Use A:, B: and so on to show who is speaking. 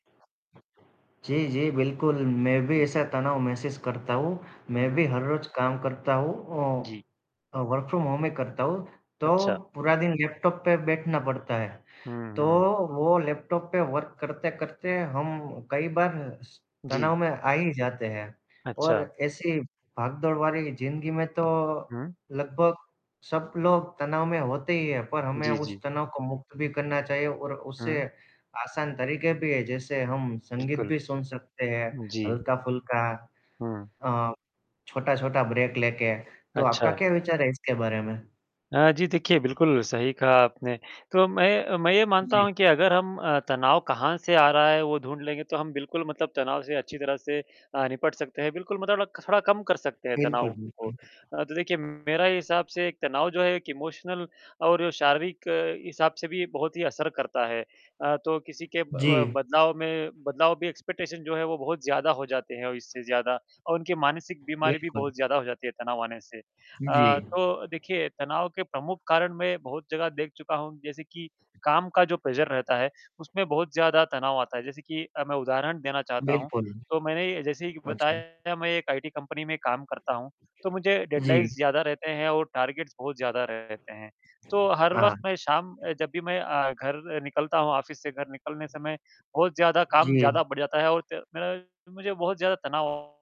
A: जी, जी, बिल्कुल, मैं भी
B: जी।
A: ऐसा तनाव महसूस करता हूँ।
B: हुँ,
A: मैं
B: हुँ।
A: भी हर रोज़ काम करता हूँ औ
B: जी।
A: अ, वर्क फ्रॉम होम ही करता हूँ, तो
B: अच्छा।
A: पूरा दिन लैपटॉप पे बैठना पड़ता है।
B: हुँ,
A: तो
B: हुँ।
A: वो लैपटॉप पे वर्क करते-करते हम कई बार स तनाव
B: जी।
A: में आ ही जाते हैं और
B: अच्छा।
A: ऐसे ही भागदौड़ भरी ज़िंदगी में तो
B: हुँ।
A: लगभग सब लोग तनाव में होते ही हैं। पर हमें
B: जी,
A: उस
B: जी।
A: तनाव को मुक्त भी करना चाहिए और उससे
B: हुँ।
A: आसान तरीक़े भी हैं, जैसे हम संगीत
B: बिल्कुल।
A: भी सुन सकते हैं
B: हुँ, जी।
A: हल्का-फुल्का
B: हुँ।
A: अ, छोटा-छोटा ब्रेक लेके, तो आपका
B: अच्छा।
A: क्या विचार है इसके बारे में?
B: अ, जी, देखिए बिल्कुल सही कहा आपने। तो मैं मैं ये
A: उ,
B: मानता
A: जी।
B: हूँ कि अगर हम अ, तनाव कहाँ से आ रहा है वो ढूँढ लेंगे तो हम बिल्कुल मतलब तनाव से अच्छी तरह से अ, निपट सकते हैं, बिल्कुल म तोला ख थोड़ा कम कर सकते हैं
A: बिल्कुल,
B: तनाव को।
A: बिल्कुल।
B: अ, तो देखिए मेरा हिसाब से एक तनाव जो है एक इमोशनल और शारीरिक हिसाब से भी बहुत ही असर करता है। अ, तो किसी के ब
A: जी।
B: बदलाव में बदलाव भी एक्सपेक्टेशन जो है वो बहुत ज़्यादा हो जाते हैं और इससे ज़्यादा और उनकी मानसिक बीमारी भी
A: बिल्कुल।
B: बहुत ज़्यादा हो जाती है तनाव आने से।
A: हुँ,
B: अ,
A: जी।
B: तो देखिए तनाव के प्रमुख कारण मैं बहुत जगह देख चुका हूँ जैसे कि काम का जो प्रेशर रहता है, उसमें बहुत ज़्यादा तनाव आता है। जैसे कि अ, मैं उदाहरण देना चाहता हूँ,
A: बिल्कुल।
B: तो मैंने जैसे कि
A: अच्छा।
B: बताया मैं एक आईटी कंपनी में काम करता हूँ, तो मुझे डेडलाइन्स
A: जी।
B: ज़्यादा रहते हैं और टारगेट्स बहुत ज़्यादा रहते हैं। तो हर वक़्त
A: हाँ।
B: मैं शाम अ, जब भी मैं अ, घर निकलता हूँ, ऑफिस से घर निकलने समय, बहुत ज़्यादा काम
A: जी।
B: ज़्यादा बढ़ जाता है और ते मेरा मुझे बहुत ज़्यादा तनाव